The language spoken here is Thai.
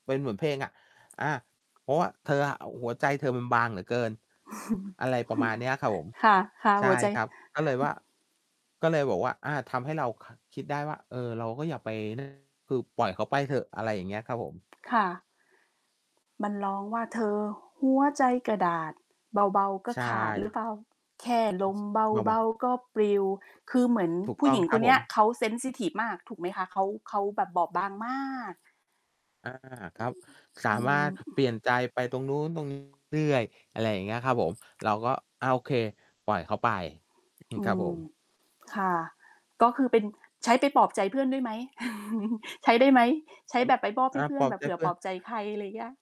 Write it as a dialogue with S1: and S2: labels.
S1: เป็นเหมือนเพลงอะ อา เพราะว่าเธออะ หัวใจเธอมันบางเหลือเกิน อะไรประมาณเนี้ยครับผม
S2: ค่ะ
S1: ใช
S2: ๆ ห
S1: ่
S2: ัวใจ
S1: ครับ ก็เลยว่า ก็เลยบอกว่า อา ทำให้เรา ค คิดได้ว่า เออ เราก็อย่าไป นั้น คือปล่อยเขาไปเถอะ อะไรอย่างเงี้ยครับผม
S2: ค่ะ มันร้องว่า เธอหัวใจกระดาษ เบา ๆ ก็
S1: ใช
S2: ขาด หรือ
S1: ่
S2: เปล่า? แค่ลมเ
S1: มา
S2: บ
S1: ว่
S2: า
S1: ะ
S2: ๆ ก็ปลิว คือเหมือน
S1: ถูก
S2: ผู
S1: ต
S2: ้
S1: ้
S2: ห
S1: อ
S2: ญ
S1: ง
S2: ิง
S1: ค
S2: ค
S1: รับ
S2: นเน
S1: ผ
S2: ี้บ
S1: ม
S2: เขา เซนซิทิฟ มาก ถูกไหมคะ? เขา เขาแบบบอบบางมาก
S1: อา ครับ สา
S2: อื
S1: มาร
S2: ม
S1: ถเปลี่ยนใจไปตรงนู้น ตรงนี้ เรื่อย ๆ อะไรอย่างเงี้ยครับผม เราก็อะ โอเค ปล่อยเขาไป
S2: อื
S1: ครับผ
S2: ม
S1: ม
S2: ค่ะ ก็คือเป็น ใช้ไปปลอบใจเพื่อนด้วยไหม? ใช้ได้ไหม? ใช้
S1: อา
S2: แบบไปมอบ
S1: อ
S2: ให้
S1: า
S2: เพื่
S1: ป
S2: อ
S1: ล
S2: น
S1: อบ
S2: แบบ
S1: ใจ
S2: เผื่
S1: เ
S2: อ
S1: พื่
S2: ป
S1: อ
S2: ลอ
S1: น
S2: บใจใคร อะไรอย่างเงี้ย